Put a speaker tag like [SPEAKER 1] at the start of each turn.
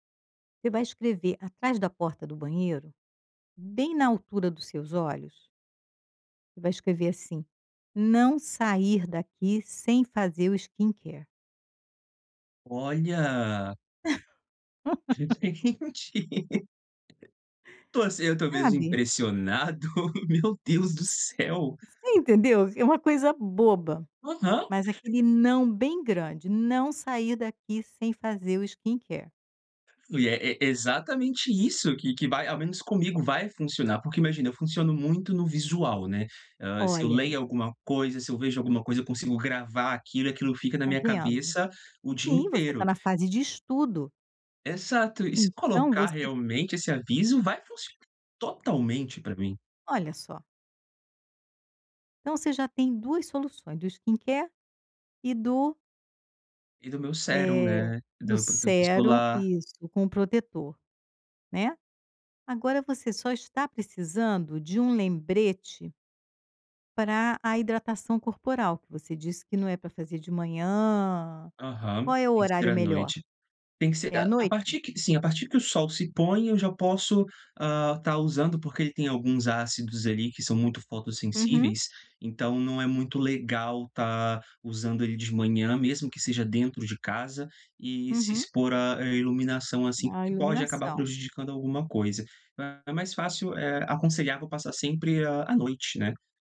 [SPEAKER 1] Você vai escrever atrás da porta do banheiro, bem na altura dos seus olhos você vai escrever assim: "Não sair daqui sem fazer o skincare".
[SPEAKER 2] Olha! Gente, entendi. Tô assim eu tô mesmo
[SPEAKER 1] Sabe?
[SPEAKER 2] impressionado! Meu Deus do
[SPEAKER 1] Você
[SPEAKER 2] céu!
[SPEAKER 1] entendeu? É uma coisa boba,
[SPEAKER 2] Aham!
[SPEAKER 1] mas aquele não bem grande: "Não sair daqui sem fazer o skincare".
[SPEAKER 2] Ui, é é exatamente isso que que vai ao menos comigo, vai funcionar. Porque, imagina, eu funciono muito no visual, né, hã, se eu
[SPEAKER 1] Olha
[SPEAKER 2] leio
[SPEAKER 1] aí!
[SPEAKER 2] alguma coisa, se eu vejo alguma coisa, eu consigo gravar aquilo e aquilo fica na
[SPEAKER 1] Tá
[SPEAKER 2] minha
[SPEAKER 1] vendo?
[SPEAKER 2] cabeça o dia
[SPEAKER 1] Sim, você tá
[SPEAKER 2] inteiro.
[SPEAKER 1] na fase de estudo.
[SPEAKER 2] Exato, e se
[SPEAKER 1] Então
[SPEAKER 2] colocar
[SPEAKER 1] você
[SPEAKER 2] realmente esse aviso, vai funcionar totalmente pra mim.
[SPEAKER 1] Olha, só. Então, você já tem 2 soluções, do skincare e do
[SPEAKER 2] E do meu sérum,
[SPEAKER 1] eh,
[SPEAKER 2] né,
[SPEAKER 1] do
[SPEAKER 2] do protetor
[SPEAKER 1] sérum.
[SPEAKER 2] solar.
[SPEAKER 1] Isso, com o protetor, né? Agora você só está precisando de um lembrete pra a hidratação corporal que você disse que não é pra fazer de manhã.
[SPEAKER 2] Aham,
[SPEAKER 1] Qual é o
[SPEAKER 2] tem que ser
[SPEAKER 1] horário
[SPEAKER 2] à
[SPEAKER 1] melhor?
[SPEAKER 2] noite. Tem que ser
[SPEAKER 1] É à
[SPEAKER 2] a a
[SPEAKER 1] noite?
[SPEAKER 2] partir que sim. A partir que o sol se põe eu já posso, ah, estar usando, porque ele tem alguns ácidos, ali, que são muito
[SPEAKER 1] Uhum.
[SPEAKER 2] fotossensíveis, então, não é muito legal estar usando ele de manhã, mesmo que seja dentro de casa, e se
[SPEAKER 1] Uhum.
[SPEAKER 2] expor à à iluminação assim,
[SPEAKER 1] A
[SPEAKER 2] que pode acabar
[SPEAKER 1] iluminação.
[SPEAKER 2] prejudicando alguma coisa, é é mais fácil, eh, aconselhar pra passar sempre à à noite, né?